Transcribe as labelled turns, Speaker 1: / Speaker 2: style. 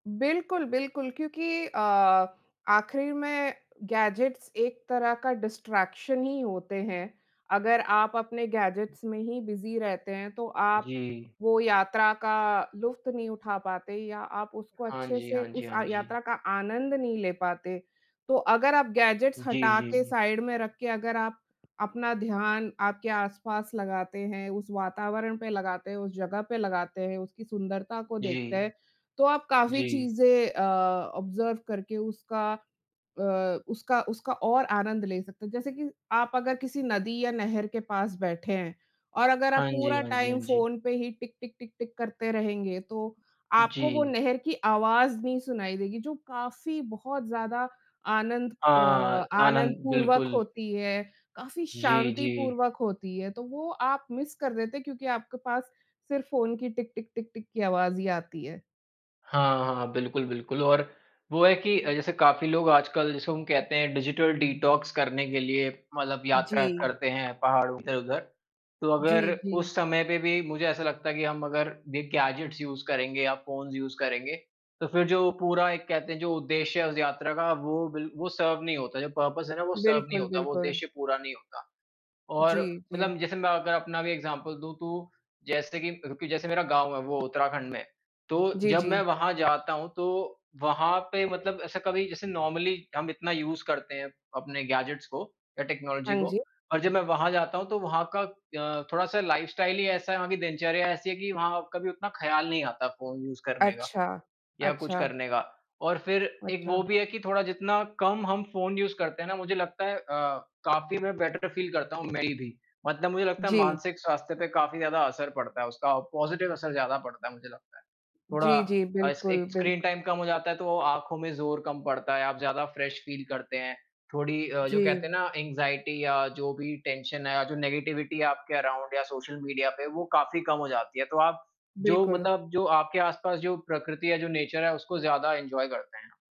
Speaker 1: बिल्कुल, बिल्कुल, क्योंकि अ, आखिर में गैजेट्स एक तरह का डिस्ट्रैक्शन ही होते हैं। अगर आप अपने गैजेट्स में ही बिज़ी रहते हैं तो आप
Speaker 2: जी।
Speaker 1: वो यात्रा का लुत्फ़ नहीं उठा पाते या आप उसको
Speaker 2: हाँ
Speaker 1: अच्छे
Speaker 2: जी,
Speaker 1: से
Speaker 2: हाँ जी,
Speaker 1: उस
Speaker 2: हाँ
Speaker 1: अ,
Speaker 2: जी।
Speaker 1: यात्रा का आनंद नहीं ले पाते। तो अगर आप गैजेट्स
Speaker 2: जी,
Speaker 1: हटा
Speaker 2: जी,
Speaker 1: के
Speaker 2: जी।
Speaker 1: साइड में रख के अगर आप अपना ध्यान आपके आस-पास लगाते हैं, उस वातावरण पे लगाते हैं, उस जगह पे लगाते हैं, उसकी सुंदरता को देखते हैं
Speaker 2: जी,
Speaker 1: तो आप काफ़ी
Speaker 2: जी।
Speaker 1: चीज़ें अ, ऑब्जर्व करके उसका अ, उसका उसका और आनंद ले सकते हैं। जैसे कि आप अगर किसी नदी या नहर के पास बैठे हैं और अगर आप
Speaker 2: हाँ जी,
Speaker 1: पूरा
Speaker 2: हाँ जी,
Speaker 1: टाइम
Speaker 2: हाँ जी।
Speaker 1: फ़ोन पे ही टिक टिक टिक टिक करते रहेंगे तो, आपको वो
Speaker 2: जी।
Speaker 1: नहर की आवाज़ नहीं सुनाई देगी जो काफ़ी बहुत ज़्यादा आनंद अ,
Speaker 2: हाँ, आनंद
Speaker 1: आनंदपूर्वक
Speaker 2: बिल्कुल।
Speaker 1: होती है काफ़ी
Speaker 2: जी, जी।
Speaker 1: शांतिपूर्वक होती है, तो वो आप मिस कर देते हैं क्योंकि आपके पास सिर्फ फ़ोन की टिक टिक टिक टिक की आवाज़ ही आती है।
Speaker 2: हाँ, हाँ, बिल्कुल, बिल्कुल और वो है कि जैसे काफ़ी लोग आजकल जैसे हम कहते हैं डिजिटल डिटॉक्स करने के लिए मतलब यात्रा
Speaker 1: जी।
Speaker 2: करते हैं पहाड़ो के उधर। तो अगर
Speaker 1: जी, जी।
Speaker 2: उस समय पे भी मुझे ऐसा लगता है कि हम अगर ये गैजेट्स यूज़ करेंगे या फ़ोन्स यूज़ करेंगे तो फिर जो पूरा एक कहते हैं जो उद्देश्य है उस यात्रा का वो बिल वो सर्व नहीं होता जो पर्पस है ना वो सर्व नहीं
Speaker 1: बिल्कुल,
Speaker 2: होता, वो
Speaker 1: बिल्कुल।
Speaker 2: उद्देश्य पूरा नहीं होता। और
Speaker 1: जी, जी।
Speaker 2: मतलब जैसे मैं अगर अपना भी एग्ज़ाम्पल दूँ तो जैसे कि जैसे मेरा गाँव है वो उत्तराखंड में तो
Speaker 1: जी,
Speaker 2: जब मैं
Speaker 1: जी।
Speaker 2: वहाँ जाता हूँ तो, वहाँ पे मतलब ऐसा कभी जैसे नॉर्मली हम इतना यूज़ करते हैं अपने गैजेट्स को या टेक्नोलॉजी
Speaker 1: हाँ
Speaker 2: को
Speaker 1: जी।
Speaker 2: और जब मैं वहाँ जाता हूँ तो वहाँ का अ, थोड़ा-सा लाइफस्टाइल ही ऐसा है, वहाँ की दिनचर्या ऐसी है कि वहाँ कभी उतना ख्याल नहीं आता फ़ोन यूज़ करने का
Speaker 1: अच्छा,
Speaker 2: या कुछ
Speaker 1: अच्छा।
Speaker 2: करने का। और फिर एक
Speaker 1: अच्छा।
Speaker 2: वो भी है कि थोड़ा जितना कम हम फ़ोन यूज़ करते हैं ना मुझे लगता है अ, काफ़ी मैं बेटर फील करता हूँ मेबी मतलब मुझे लगता है
Speaker 1: जी।
Speaker 2: मानसिक स्वास्थ्य पे काफ़ी ज़्यादा असर पड़ता है उसका पॉज़िटिव असर ज़्यादा पड़ता है मुझे लगता है। थोड़ा
Speaker 1: जी, जी,
Speaker 2: अ, एस
Speaker 1: बिल्कुल,
Speaker 2: एक स्क्रीन
Speaker 1: बिल्कु
Speaker 2: टाइम कम हो जाता है तो आँखों में ज़ोर कम पड़ता है आप ज़्यादा फ्रेश फील करते हैं, थोड़ी अ, जो
Speaker 1: जी।
Speaker 2: कहते है ना ऐंगज़ाइटी या जो भी टेंशन है जो नेगेटिविटी है आपके अराउंड या सोशल मीडिया पे वो काफ़ी कम हो जाती है, तो आप जो
Speaker 1: बिल्कुल।
Speaker 2: मतलब जो आपके आस पास जो प्रकृति है जो नेचर है उसको ज़्यादा इन्जॉय करते हैं।